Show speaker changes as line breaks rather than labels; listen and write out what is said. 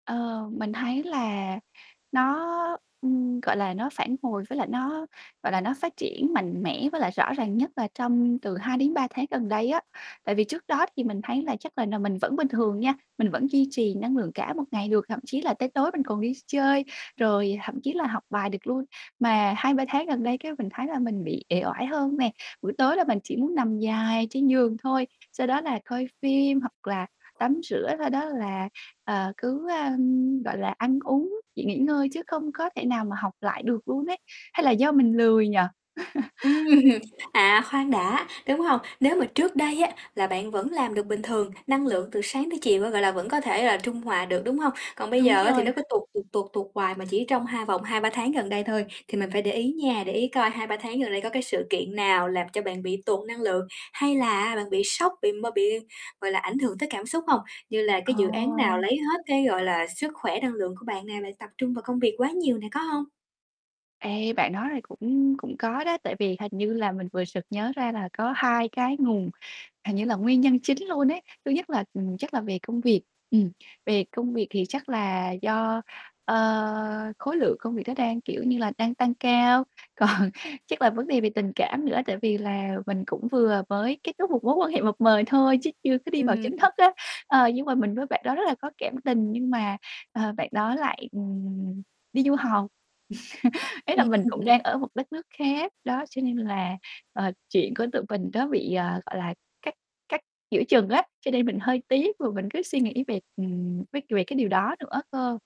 Ờ, mình thấy là nó, ừm, gọi là, nó phản hồi với lại nó, gọi là, nó phát triển mạnh mẽ với lại rõ ràng nhất là trong từ 2 đến 3 tháng gần đây á. Tại vì trước đó thì mình thấy là chắc là nà mình vẫn bình thường nha, mình vẫn duy trì năng lượng cả một ngày được, thậm chí là tới tối mình còn đi chơi rồi, thậm chí là học bài được luôn. Mà 2, 3 tháng gần đây cái mình thấy là mình bị ể oải hơn nè, buổi tối là mình chỉ muốn nằm dài trên giường thôi, sau đó là coi phim hoặc là tắm rửa, sau đó là, ờ, cứ, ơ, gọi là, ăn uống, chỉ nghỉ ngơi chứ không có thể nào mà học lại được luôn ấy. Hay là do mình lười nhỉ?
Ừm, à, khoan đã, đúng hông? Nếu mà trước đây á là bạn vẫn làm được bình thường, năng lượng từ sáng tới chiều á, gọi là, vẫn có thể là trung hòa được, đúng hông? Còn bây
Đúng
giờ á thì nó
rồi.
cứ tụt, tụt, tụt, tụt hoài mà chỉ trong hai vòng 2, 3 tháng gần đây thôi thì mình phải để ý nha. Để ý coi 2, 3 tháng gần đây có cái sự kiện nào làm cho bạn bị tụt năng lượng hay là bạn bị sốc, bị m bị, gọi là, ảnh hưởng tới cảm xúc hông? Như là cái dự án nào lấy
Ồ.
hết cái, gọi là, sức khỏe, năng lượng của bạn nè, bạn tập trung vào công việc quá nhiều nè, có hông?
Ê, bạn nói này cũng cũng có đó, tại vì hình như là mình vừa sực nhớ ra là có 2 cái nguồn, hình như là, nguyên nhân chính luôn ấy. Thứ nhất là, ừm, chắc là về công việc. Ừm, về công việc thì chắc là do, ơ, khối lượng công việc đó đang, kiểu như là, đang tăng cao. Còn chắc là vấn đề về tình cảm nữa, tại vì là mình cũng vừa mới kết thúc một mối quan hệ mập mời thôi chứ chưa có đi vào chính
Ừm.
thức á. Ờ, nhưng mà mình với bạn đó rất là có cảm tình nhưng mà, ờ, bạn đó lại, ừm, đi du học. Ý là mình cũng đang ở một đất nước khác, đó, cho nên là, ờ, chuyện của tụi mình nó bị, ờ, gọi là, cắt cắt giữa chừng á, cho nên mình hơi tiếc và mình cứ suy nghĩ về, ừm, vế về cái điều đó nữa cơ.